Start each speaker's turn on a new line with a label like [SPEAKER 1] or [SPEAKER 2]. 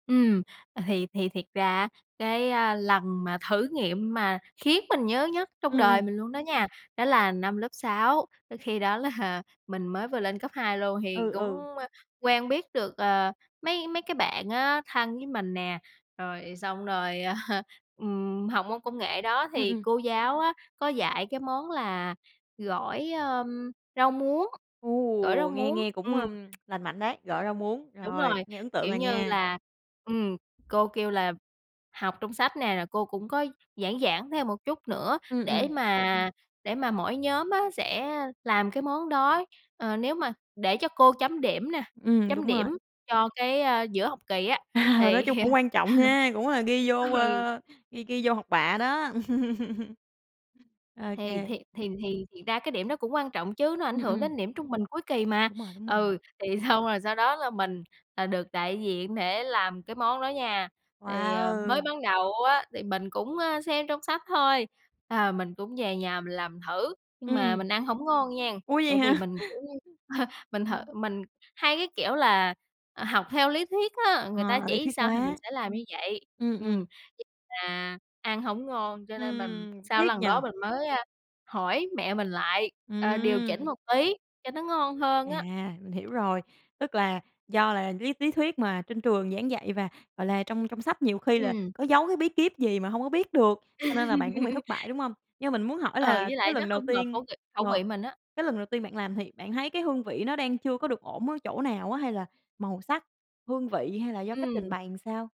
[SPEAKER 1] Ừm, à, thì thì thiệt ra á cái, a, lần mà thử nghiệm mà khiến mình nhớ nhất trong
[SPEAKER 2] Ừm,
[SPEAKER 1] đời
[SPEAKER 2] ừm.
[SPEAKER 1] mình luôn đó nha, đó là năm lớp 6. Ơ, khi đó là mình mới vừa lên cấp 2 luôn thì
[SPEAKER 2] Ừ,
[SPEAKER 1] cũng,
[SPEAKER 2] ừ.
[SPEAKER 1] ơ, quen biết được, ờ, mấy mấy cái bạn á thân với mình nè. Rồi xong rồi, à, ừm, học môn công nghệ đó
[SPEAKER 2] Ừm,
[SPEAKER 1] thì
[SPEAKER 2] ừm.
[SPEAKER 1] cô giáo á, có dạy cái món là gỏi, ưm, rau muống, gỏi rau
[SPEAKER 2] Ồ! Nghe
[SPEAKER 1] muống,
[SPEAKER 2] nghe cũng, a,
[SPEAKER 1] ừm.
[SPEAKER 2] lành mạnh đấy, gỏi rau muống.
[SPEAKER 1] Đúng
[SPEAKER 2] Rồi,
[SPEAKER 1] rồi,
[SPEAKER 2] nghe ấn tượng
[SPEAKER 1] kiểu
[SPEAKER 2] à
[SPEAKER 1] như
[SPEAKER 2] nha!
[SPEAKER 1] là, ừm, cô kêu là học trong sách nè, rồi cô cũng có giảng giảng thêm một chút nữa,
[SPEAKER 2] Ừm,
[SPEAKER 1] để
[SPEAKER 2] ừm.
[SPEAKER 1] mà để mà mỗi nhóm á sẽ làm cái món đó, ờ, nếu mà để cho cô chấm điểm nè,
[SPEAKER 2] Ừm,
[SPEAKER 1] chấm
[SPEAKER 2] đúng rồi.
[SPEAKER 1] điểm cho cái, a, giữa học kỳ á.
[SPEAKER 2] À, nói
[SPEAKER 1] Thì
[SPEAKER 2] chung cũng quan trọng ha, cũng là ghi vô,
[SPEAKER 1] ừ.
[SPEAKER 2] a, ghi ghi vô học bạ đó.
[SPEAKER 1] Thì
[SPEAKER 2] OK.
[SPEAKER 1] thì thì thì thiệt ra cái điểm đó cũng quan trọng chứ, nó ảnh
[SPEAKER 2] Ừm,
[SPEAKER 1] hưởng
[SPEAKER 2] ừm.
[SPEAKER 1] đến điểm trung bình cuối kỳ mà.
[SPEAKER 2] Đúng rồi, đúng rồi.
[SPEAKER 1] Ừ, thì xong rồi sau đó là mình, à, được đại diện để làm cái món đó nha. Thì, ờ, mới
[SPEAKER 2] Wow!
[SPEAKER 1] ban đầu á thì mình cũng, a, xem trong sách thôi, ờ, mình cũng về nhà mình làm thử, nhưng
[SPEAKER 2] Ừm,
[SPEAKER 1] mà
[SPEAKER 2] ừm.
[SPEAKER 1] mình ăn hổng ngon nghen.
[SPEAKER 2] Ủa, vậy
[SPEAKER 1] Tại vì
[SPEAKER 2] hả?
[SPEAKER 1] mình, kiểu như, mình thử
[SPEAKER 2] Ừm.
[SPEAKER 1] mình hay cái kiểu là, à, học theo lý thuyết á, người ta
[SPEAKER 2] Ờ, lý thuyết
[SPEAKER 1] chỉ sao thì mình
[SPEAKER 2] quá.
[SPEAKER 1] sẽ làm như vậy.
[SPEAKER 2] Ừm,
[SPEAKER 1] Ừm,
[SPEAKER 2] ừm.
[SPEAKER 1] [unintelligible] là ăn hổng ngon, cho nên mình
[SPEAKER 2] Ừm,
[SPEAKER 1] sau cái
[SPEAKER 2] tiếc
[SPEAKER 1] lần
[SPEAKER 2] nhỉ?
[SPEAKER 1] đó mình mới, a, hỏi mẹ mình lại, ờ, điều chỉnh
[SPEAKER 2] Ừm.
[SPEAKER 1] một tí cho nó ngon hơn á.
[SPEAKER 2] À, mình hiểu rồi. Tức là do là lý lý thuyết mà trên trường giảng dạy và, gọi là, trong trong sách nhiều khi là
[SPEAKER 1] Ừm.
[SPEAKER 2] có giấu cái bí kíp gì mà hông có biết được, cho nên là bạn cũng bị thất bại, đúng hông? Nhưng mà mình muốn hỏi
[SPEAKER 1] Ừ,
[SPEAKER 2] là
[SPEAKER 1] với
[SPEAKER 2] cái
[SPEAKER 1] lại nó
[SPEAKER 2] lần đầu
[SPEAKER 1] không hợp
[SPEAKER 2] tiên
[SPEAKER 1] khẩu vị khẩu
[SPEAKER 2] ờ,
[SPEAKER 1] vị mình á.
[SPEAKER 2] cái lần đầu tiên bạn làm thì bạn thấy cái hương vị nó đang chưa có được ổn ở chỗ nào á, hay là màu sắc, hương vị hay là do cách trình
[SPEAKER 1] Ừm.
[SPEAKER 2] bày làm sao?